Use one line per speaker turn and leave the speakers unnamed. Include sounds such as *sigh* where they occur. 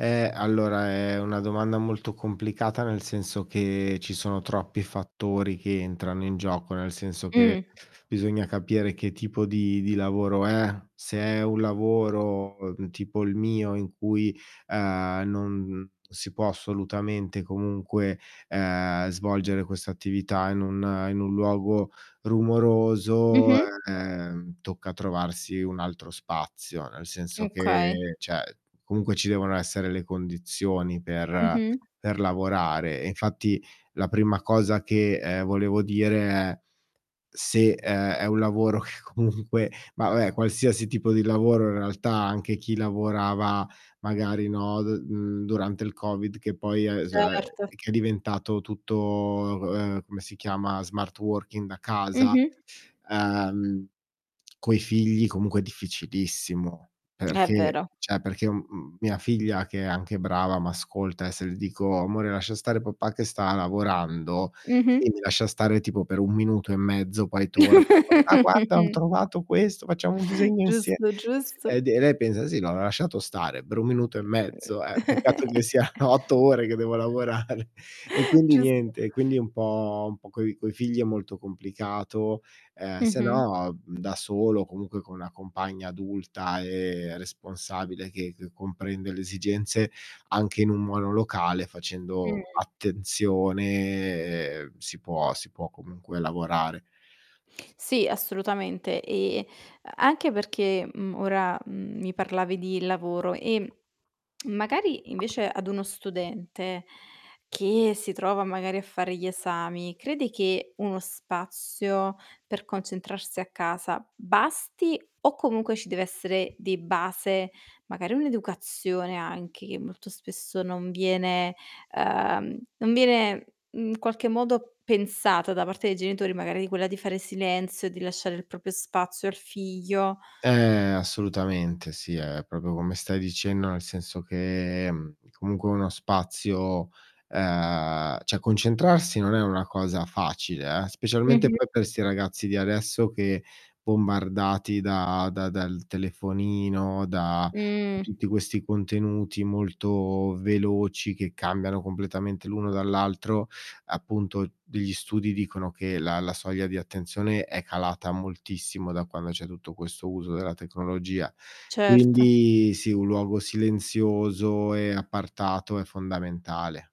Eh, allora, è una domanda molto complicata, nel senso, che ci sono troppi fattori che entrano in gioco, nel senso che
Mh.
bisogna capire che tipo di di lavoro è, se è un lavoro, mhmm, tipo il mio, uhm, in cui non si può assolutamente, comunque, uhm, svolgere questa attività in un in un luogo rumoroso,
Mh-mh.
uhm, tocca trovarsi un altro spazio. Nel senso
Okay.
che cioè, comunque ci devono essere le condizioni per
Mh-mh.
per lavorare. Infatti la prima cosa che, ehm, volevo dire è, se è è un lavoro che comunque ma vabbè, qualsiasi tipo di lavoro in realtà, anche chi lavorava magari, no, d mhmm, durante il Covid che poi è *unintelligible*
Certo.
che è diventato tutto uhm, come si chiama, smart working da casa,
Mh-mh.
uhm, coi figli comunque è difficilissimo.
È
Perché
vero.
cioè perché, mhmm, mia figlia, che è anche brava, m'ascolta e se le dico: "Amore lascia stare papà che sta lavorando", lei
Mh-mh.
mi lascia stare tipo per 1 minuto e mezzo, poi torna: "Papà, guarda ho
*chuckles*
trovato questo, facciamo un disegno insie"
Giusto,
Sì. Ed
giusto.
e lei pensa: "Sì, l'ho lasciato stare per un minuto e mezzo." Eh, peccato che
*chuckles*
siano 8 ore che devo lavorare. E quindi,
Giusto.
niente, e quindi è un po' un po' coi coi figli è molto complicato, uhm, se
Mh-mh.
no, da solo o comunque con una compagna adulta e responsabile, che che comprende le esigenze, anche in un monolocale facendo
Mh.
attenzione, si può si può comunque lavorare.
Sì, assolutamente e anche perché, mhmm, ora, mhmm, mi parlavi di lavoro, ehm, *smacks lips* magari invece ad uno studente, che si trova magari a fare gli esami, credi che uno spazio per concentrarsi a casa basti, o comunque ci deve essere di base, magari, un'educazione anche, che molto spesso non viene uhm, non viene in, mhmm, qualche modo pensata da parte dei genitori magari di quella di fare silenzio, di lasciare il proprio spazio al figlio?
Eh, assolutamente sì, è proprio come stai dicendo, nel senso che, mhmm, comunque uno spazio uhm, cioè, concentrarsi non è una cosa facile, eh. Specialmente
Mh-mh.
poi per sti ragazzi di adesso che bombardati da da dal telefonino, da
Mh.
tutti questi contenuti molto veloci, che cambiano completamente l'uno dall'altro, appunto, degli studi dicono che la la soglia di attenzione è calata moltissimo da quando c'è tutto questo uso della tecnologia.
Certo.
Quindi sì, un luogo silenzioso e appartato, è fondamentale.